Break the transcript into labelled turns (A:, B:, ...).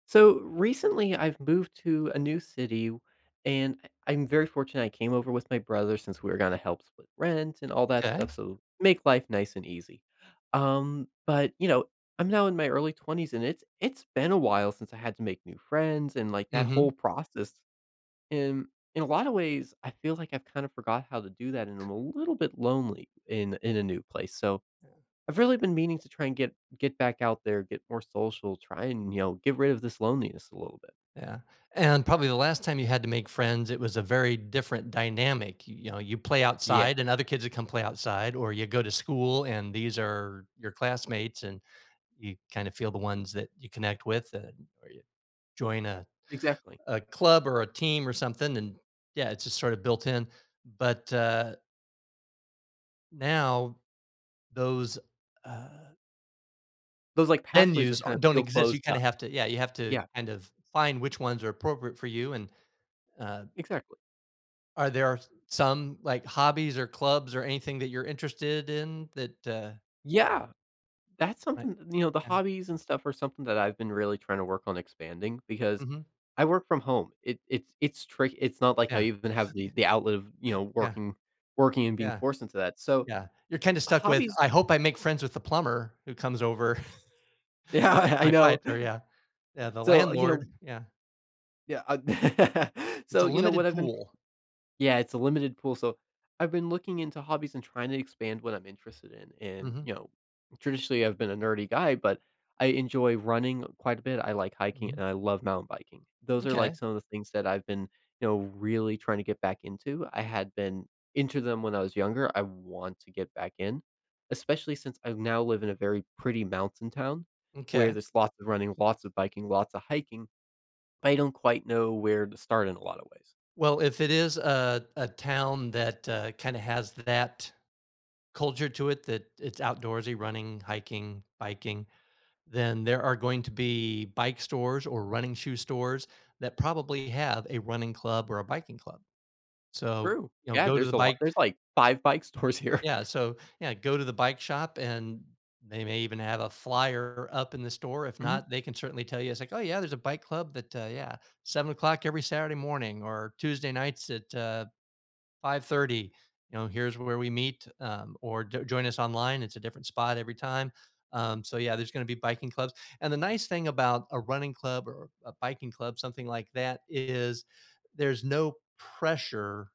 A: So, recently I've moved to a new city, and I I'm very fortunate, I came over with my brother since we were gonna help split rent and all that stuff,
B: M'kay.
A: so make life nice and easy. Um, but, you know, I'm now in my early 20s, and it's it's been a while since I had to make new friends, and, like, that whole
B: Mhm.
A: process, and in a lotta ways, I feel like I've kind of forgot how to do that, and I'm a little bit lonely in in a new place, so
B: Yeah.
A: I've really been meaning to try and get get back out there, get more social, try and, you know, get rid of this loneliness a little bit.
B: Yeah, and probably the last time you had to make friends, it was a very different dynamic, you you know, you play
A: Yeah.
B: outside and other kids would come play outside, or you go to school and these are your classmates, and you kinda feel the ones that you connect with that or you join a
A: Exactly.
B: a club or a team or something, and Yeah, it's just sorta built-in, but, uh now, those, uh
A: Those, like, pathways are
B: venues are
A: kinda
B: don't
A: feel
B: exist, you
A: closed
B: kinda
A: up.
B: have to Yeah, you have to
A: Yeah.
B: kind of f find which ones are appropriate for you and, uh
A: Exactly.
B: Are there s some, like, hobbies or clubs or anything that you're interested in that, uh
A: Yeah, that's
B: Li
A: something You know, the
B: Yeah.
A: hobbies and stuff are something that I've been really trying to work on expanding, because
B: Mhm.
A: I work from home, it it's it's trick it's not like I
B: Yeah.
A: even have the
B: [unintelligible]
A: the outlet of, you know,
B: Yeah.
A: working working and being
B: Yeah.
A: forced into that, so
B: Yeah. You're kinda stuck with,
A: hobbies
B: "I hope I make friends with the plumber who comes over
A: Yeah,
B: to fix
A: I I
B: my
A: know.
B: pipes." or Yeah. Yeah, the
A: So, uh, you know
B: landlord Yeah.
A: Yeah, uh
B: It's
A: So,
B: a
A: you know, what
B: limited
A: I've been
B: pool.
A: Yeah, it's a limited pool, so I've been looking into hobbies and trying to expand what I'm interested in, and
B: Mhm.
A: you know Traditionally, I've been a nerdy guy, but I enjoy running quite a bit, I like hiking,
B: Mhm.
A: and I love mountain biking. Those are, like,
B: M'kay.
A: some of the things that I've been, you know, really trying to get back into, I had been into them when I was younger, I want to get back in, especially since I now live in a very pretty mountain town, where
B: M'kay.
A: there's lots of running, lots of biking, lots of hiking, I don't quite know where to start in a lotta ways.
B: Well, if it is a a town that, uh, kinda has that culture to it, that it's outdoorsy, running, hiking, biking, then there are going to be bike stores or running shoe stores that probably have a running club or a biking club. So,
A: True.
B: you know,
A: Yeah,
B: go to
A: there's
B: the
A: a lot
B: bike
A: there's, like, 5 bike stores here.
B: Yeah, so Yeah, go to the bike shop and they may even have a flyer up in the store, if
A: Mhm.
B: not, they can certainly tell you, it's like, "Oh yeah, there's a bike club that, uh Yeah, 7:00 every Saturday morning or Tuesday nights at, uh, 5:30, you know, here's where we meet, um, or jo join us online, it's a different spot every time," um, so, yeah, there's gonna be biking clubs, and the nice thing about a running club or a biking club, something like that, is there's no pressure